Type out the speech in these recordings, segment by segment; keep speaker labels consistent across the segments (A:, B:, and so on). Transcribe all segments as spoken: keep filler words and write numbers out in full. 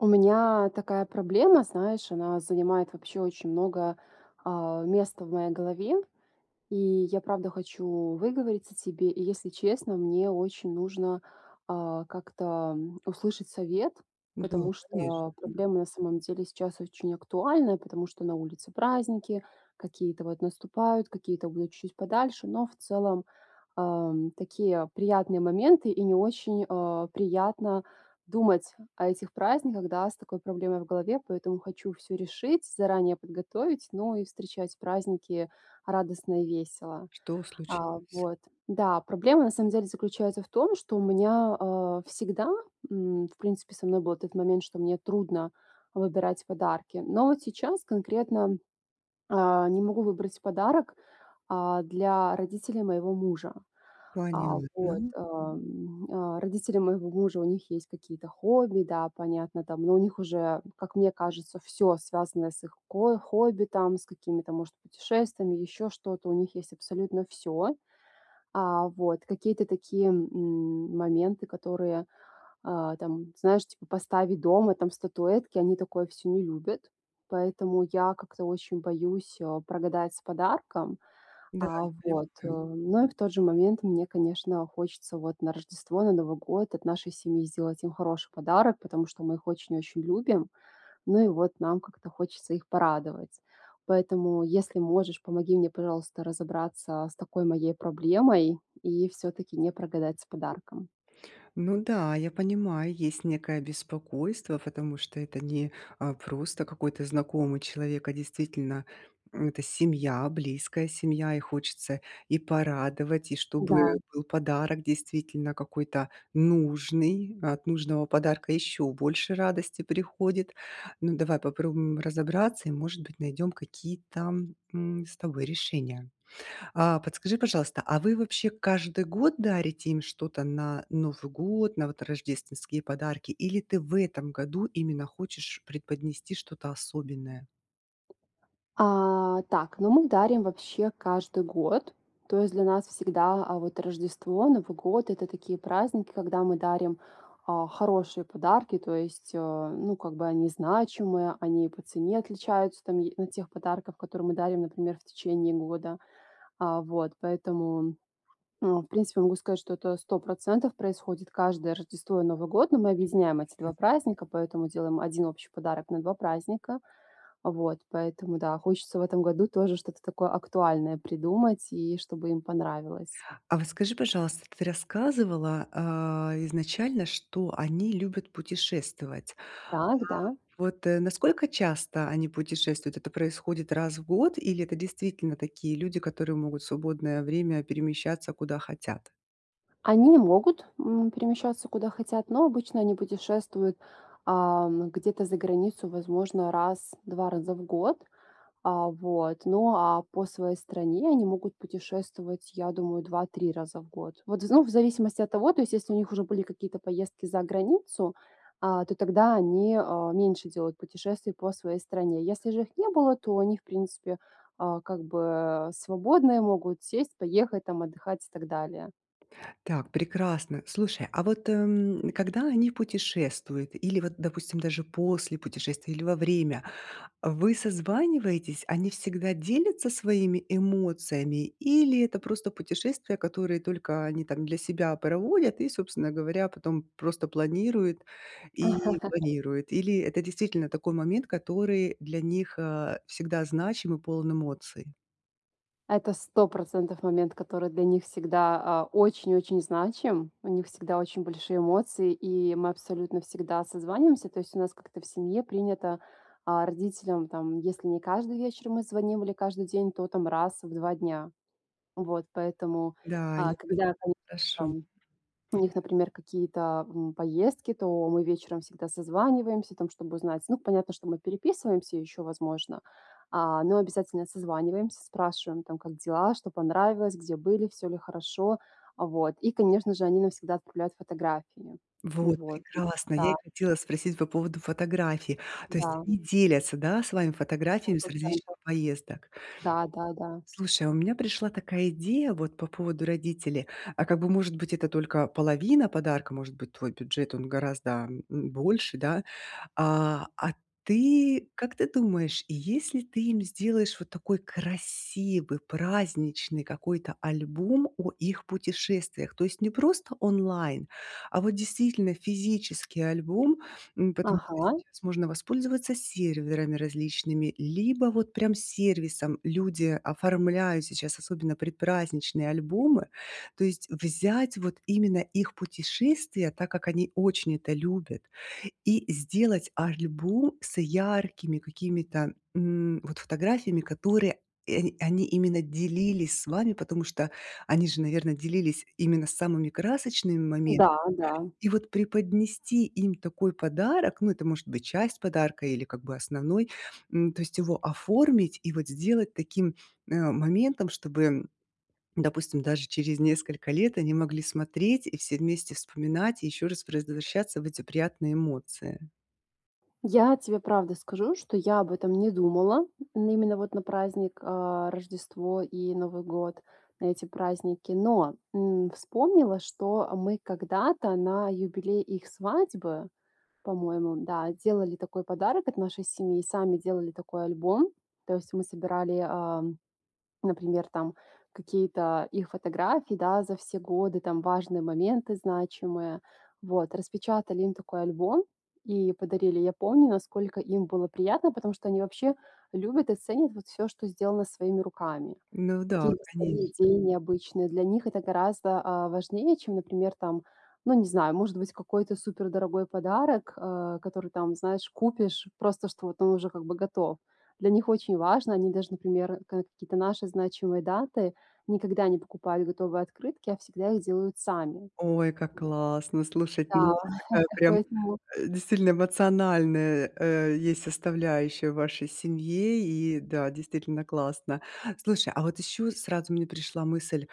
A: У меня такая проблема, знаешь, она занимает вообще очень много, а, места в моей голове. И я правда хочу выговориться тебе. И если честно, мне очень нужно, а, как-то услышать совет,
B: Да,
A: потому
B: конечно.
A: что проблема на самом деле сейчас очень актуальная, потому что на улице праздники, какие-то вот наступают, какие-то будут чуть-чуть подальше, но в целом, ам, такие приятные моменты, и не очень, э, приятно думать о этих праздниках, да, с такой проблемой в голове, поэтому хочу всё решить, заранее подготовить, ну и встречать праздники радостно и весело.
B: Что
A: А,
B: случилось?
A: вот, да. Проблема на самом деле заключается в том, что у меня, э, всегда, м, в принципе со мной был этот момент, что мне трудно выбирать подарки. Но вот сейчас конкретно, а, не могу выбрать подарок, а, для родителей моего мужа. А,
B: Понятно.
A: вот, а, м, а. Родители моего мужа, у них есть какие-то хобби, да, понятно там, но у них уже, как мне кажется, всё, связанное с их ко хобби там, с какими-то, может, путешествиями, еще что-то, у них есть абсолютно всё. А, вот. Какие-то такие, м, моменты, которые, э, там, знаешь, типа поставь дома там статуэтки, они такое всё не любят. Поэтому я как-то очень боюсь, э, прогадать с подарком.
B: Да.
A: А,
B: Я
A: вот. Э,
B: понимаю.
A: ну и в тот же момент мне, конечно, хочется вот на Рождество, на Новый год от нашей семьи сделать им хороший подарок, потому что мы их очень очень любим, ну и вот нам как-то хочется их порадовать. Поэтому, если можешь, помоги мне, пожалуйста, разобраться с такой моей проблемой и всё-таки не прогадать с подарком.
B: Ну да, я понимаю, есть некое беспокойство, потому что это не, э, просто какой-то знакомый человек, а действительно, м, это семья, близкая семья. И хочется и порадовать, и чтобы
A: Да.
B: был подарок действительно какой-то нужный. От нужного подарка еще больше радости приходит. Ну, давай попробуем разобраться и, может быть, найдем какие-то, м, с тобой решения. А, подскажи, пожалуйста, а вы вообще каждый год дарите им что-то на Новый год, на вот рождественские подарки? Или ты в этом году именно хочешь преподнести что-то особенное?
A: А, так, ну, мы дарим вообще каждый год. То есть для нас всегда, а, вот Рождество, Новый год- это такие праздники, когда мы дарим, а, хорошие подарки, то есть, э, ну, как бы они значимые, они и по цене отличаются там е от тех подарков, которые мы дарим, например, в течение года. А, вот. Поэтому, ну, в принципе, могу сказать, что это сто процентов происходит каждое Рождество и Новый год, но мы объединяем эти
B: Прекрасно.
A: два праздника, поэтому делаем один общий подарок на два праздника. Вот. Поэтому, да, хочется в этом году тоже что-то такое актуальное придумать и чтобы им понравилось.
B: А вот скажи, пожалуйста, ты рассказывала, э, изначально, что они любят путешествовать.
A: Так. Да.
B: А вот насколько часто они путешествуют? Это происходит раз в год, или это действительно такие люди, которые могут в свободное время перемещаться куда хотят?
A: Они могут, м, перемещаться куда хотят. Но обычно они путешествуют, а, где-то за границу, возможно, раз, два раза в год, а, вот. Ну а по своей стране они могут путешествовать, я думаю, два-три раза в год. Вот, ну в зависимости от того, то есть если у них уже были какие-то поездки за границу, а, то тогда они, э, меньше делают путешествий по своей стране. Если же их не было, то они, в принципе, а, как бы свободные, могут сесть, поехать там отдыхать и так далее.
B: Так, прекрасно. Слушай, а вот, м, когда они путешествуют, или вот, допустим, даже после путешествия, или во время, э, вы созваниваетесь? Они всегда делятся своими эмоциями? Или это просто путешествия, которые только они там для себя проводят и, собственно говоря, потом просто планируют, и планируют? Или это действительно такой момент, который для них, э, всегда значим и полон эмоций?
A: Это сто процентов момент, который для них всегда, а, очень-очень значим. У них всегда очень большие эмоции, и мы абсолютно всегда созваниваемся. То есть у нас как-то в семье принято, а, родителям, там если не каждый вечер мы звоним или каждый день, то там раз в два дня. Вот поэтому,
B: Да, я
A: а,
B: пони
A: когда там
B: Хорошо.
A: там у них, например, какие-то, м, поездки, то мы вечером всегда созваниваемся там, чтобы узнать. Ну понятно, что мы переписываемся еще возможно, а, но обязательно созваниваемся, спрашиваем: "Там как дела, что понравилось, где были, всё ли хорошо?" А, вот. И конечно же они нам всегда отправляют фотографии.
B: Вот
A: Вот, м,
B: прекрасно, я и
A: да.
B: хотела спросить по поводу фотографий. То есть
A: Да.
B: они делятся, да, с вами
A: сто
B: фотографиями с различных
A: процентов.
B: поездок?
A: Да, да, да.
B: Слушай, а у меня пришла такая идея вот по поводу родителей. А как бы, может быть, это только половина подарка, может быть, твой бюджет, он гораздо, м, больше, да? А, а ты как ты думаешь, если ты им сделаешь вот такой красивый праздничный какой-то альбом о их путешествиях? То есть не просто онлайн, а вот действительно физический альбом. М, потому что
A: Ага.
B: сейчас можно воспользоваться серверами различными, либо вот прям сервисом. Люди оформляют сейчас особенно предпраздничные альбомы. То есть взять вот именно их путешествия, так как они очень это любят, и сделать альбом с яркими какими-то, м, вот фотографиями, которыми, э, они именно делились с вами, потому что они же, наверно, делились именно самыми красочными моментами.
A: Да, да.
B: И вот преподнести им такой подарок, ну, и это может быть часть подарка или как бы основной, м, то есть его оформить и вот сделать таким, э, моментом, чтобы, допустим, даже через несколько лет они могли смотреть и все вместе вспоминать, и еще раз прозвращаться в эти приятные эмоции.
A: Я тебе правда скажу, что я об этом не думала, именно вот на праздник, а, Рождество и Новый год, на эти праздники, но, м, вспомнила, что, а, мы когда-то на юбилей их свадьбы, по-моему, да, делали такой подарок от нашей семьи. Сами делали такой альбом. То есть мы собирали, а, например, там какие-то их фотографии, да, за все годы, там важные моменты, значимые, вот. Распечатали им такой альбом, и подарили. Я помню насколько им было приятно, потому что они вообще любят и ценят вот всё, что сделано своими руками.
B: Ну да,
A: Какие-то свои
B: конечно.
A: идеи необычные- для них это гораздо, а, важнее чем, например, там, ну не знаю, может быть какой-то супер дорогой подарок, э, который там, знаешь, купишь просто, что вот он уже как бы готов. Для них очень важно, они даже, например, ка какие-то наши значимые даты никогда не покупали готовые открытки, а всегда их делают сами.
B: Ой, как классно слушай! То есть
A: Да,
B: у вас такая прям,
A: поэтому
B: э, действительно эмоциональная, э, есть составляющая в вашей семье. И да, действительно классно. Слушай, а вот еще сразу мне пришла мысль,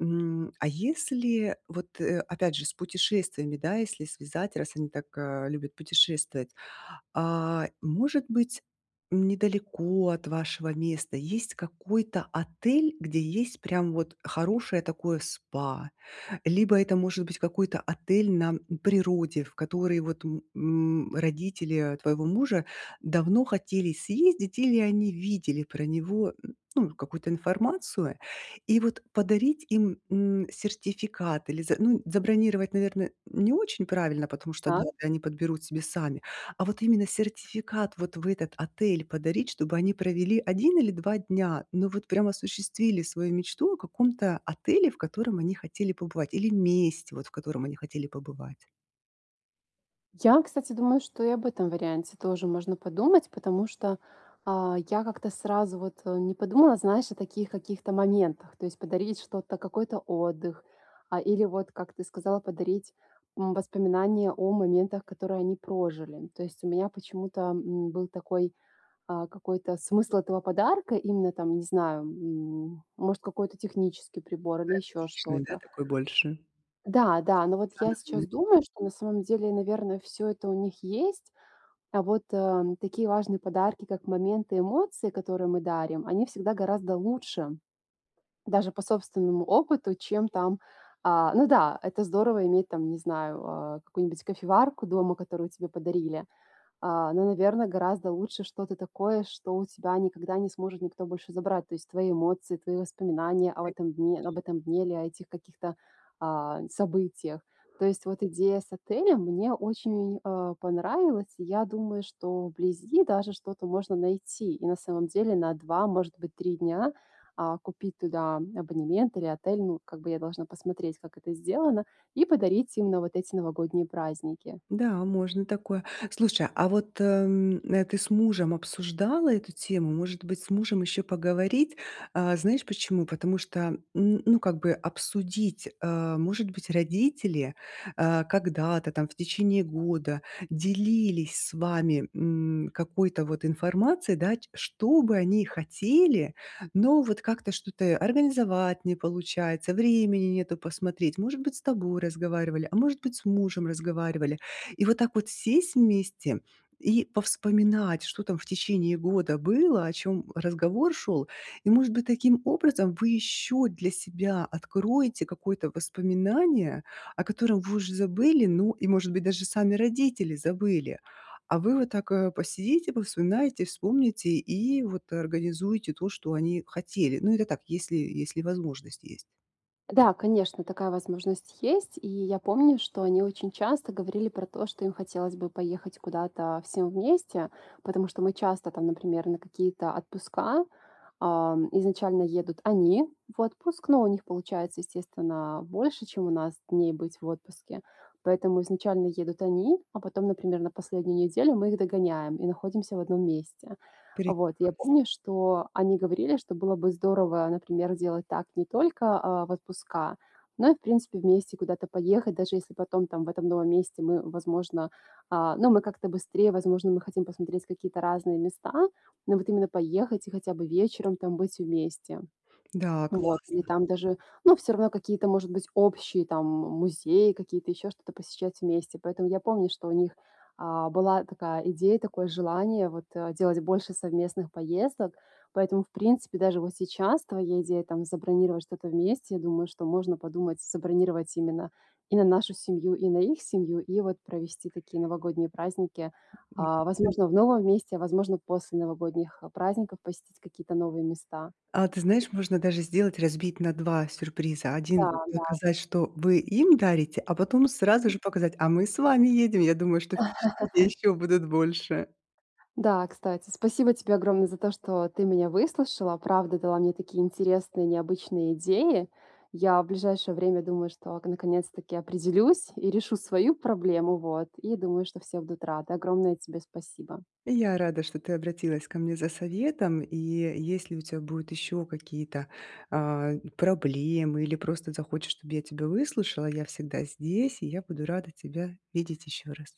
B: м, а если, вот, э, опять же с путешествиями, да, если связать, раз они так, а, любят путешествовать. А, может быть недалеко от вашего места есть какой-то отель, где есть прям вот хорошее такое СПА. Либо это может быть какой-то отель на, м, природе, в который, вот, м, м, родители твоего мужа давно хотели съездить или они видели про него, ну какую-то информацию. И вот подарить им, м, сертификат или за ну забронировать, наверно, не очень правильно, потому что
A: Так.
B: даты они подберут себе сами. А вот именно сертификат вот в этот отель подарить, чтобы они провели один или два дня, но вот прям осуществили свою мечту о каком-то отеле, в котором они хотели побывать, или месте, вот, в котором они хотели побывать.
A: Я, кстати, думаю что и об этом варианте тоже можно подумать, потому что, а, я как-то сразу вот, э, не подумала, знаешь, о таких каких-то моментах. То есть подарить что-то, какой-то отдых, а, или вот, как ты сказал, подарить, м, воспоминания о моментах, которые они прожили. То есть у меня почему-то, м, был такой, а, какой-то смысл этого подарка, именно там, не знаю, м, может какой-то технический прибор или ещё
B: Практичный, да,
A: что-то.
B: такой больше. Чем
A: Да-да, но вот я
B: эмоциональный.
A: сейчас думаю, что на самом деле, наверно, всё это у них есть, а вот, э, такие важные подарки, как моменты эмоций, которые мы дарим, они всегда гораздо лучше. Даже по собственному опыту, чем там А, ну да, это здорово иметь, там, не знаю, э, какую-нибудь кофеварку дома, которую тебе подарили. А, но, наверно, гораздо лучше что-то такое, что у тебя никогда не сможет никто больше забрать. То есть твои эмоции, твои воспоминания об
B: Коне
A: этом дне об этом дне или об этих каких-то, а, событиях. То есть вот идея с отелем мне очень, а, понравилась, и я думаю, что вблизи даже что-то можно найти. И на самом деле, на два, может быть, три дня, а, купить туда абонемент или отель, ну, как бы, я должна посмотреть, как это сделано, и подарить им на вот эти новогодние праздники.
B: Да, можно такое. Слушай, а вот, м, а ты с мужем обсуждала эту тему? Может быть, с мужем еще поговорить? А, знаешь почему? Потому что, н ну, как бы, обсудить, э, может быть, родители, э, когда-то там в течение года делились с вами, м, какой-то, вот, информацией, да, ч что бы они хотели, но вот как-то что-то организовать не получается, времени нету посмотреть. Может быть, с тобой разговаривали, а может быть, с мужем разговаривали. И вот так вот сесть вместе и повспоминать, что там в течение года было, о чём, м, разговор шёл. И, может быть, таким образом вы еще для себя откроете какое-то воспоминание, о котором вы уже забыли. Ну и, может быть, даже сами родители забыли. А вы вот так, э, посидите, повспоминайте, вспомните и вот организуете, то, что они хотели. Но это так, если, если возможность есть.
A: Да, конечно, такая возможность есть, и я помню, что они очень часто говорили про то, что им хотелось бы поехать куда-то всем вместе, потому что мы часто там, например, на какие-то отпуска, а, изначально едут они в отпуск, но у них получается, естественно, больше, чем у нас, дней быть в отпуске. Поэтому изначально едут они, а потом, например, на последнюю неделю мы их догоняем и находимся в одном месте. Вот, я
B: Прекрасно.
A: помню, что они говорили, что было бы здорово, например, делать так не только, а, в отпуска, но и, в принципе, вместе куда-то поехать, даже если потом, там, в этом новом месте, мы, возможно А, ну мы как-то быстрее, возможно, мы хотим посмотреть какие-то разные места, но вот именно поехать и хотя бы вечером там быть вместе.
B: Да,
A: Вот. И
B: классно.
A: там даже ну всё равно какие-то, может быть, общие, там, м, музеи, какие-то еще что-то посещать вместе. Поэтому я помню, что у них, а, была такая идея, такое желание, вот, а, делать больше совместных поездок. Поэтому, в принципе, даже вот сейчас твоя идея, там, забронировать что-то вместе, думаю, что можно подумать, забронировать именно и на нашу семью, и на их семью, и вот провести такие новогодние праздники.
B: М.
A: А,
B: [unintelligible]
A: возможно, в новом месте, а возможно, после новогодних праздников посетить какие-то новые места.
B: А ты знаешь, можно даже сделать разбить на два сюрприза. один
A: Да, да.
B: показать, что вы им дарите, а потом сразу
A: М.
B: же показать: "А мы с вами едем". Я думаю, что впечатления еще будут больше.
A: Да, кстати. Спасибо тебе огромное за то, что ты меня выслушала. Правда дала мне такие интересные и необычные идеи. Я в ближайшее время думаю, что ак наконец-таки определюсь и решу свою проблему. Вот. И думаю, что все будут рады. Огромное тебе спасибо.
B: И я рада, что ты обратилась ко мне за советом. И если у тя будут еще какие-то, а, проблемы, или просто захочешь, чтобы я тебя выслушала, я всегда здесь, и я буду рада тебя видеть еще раз.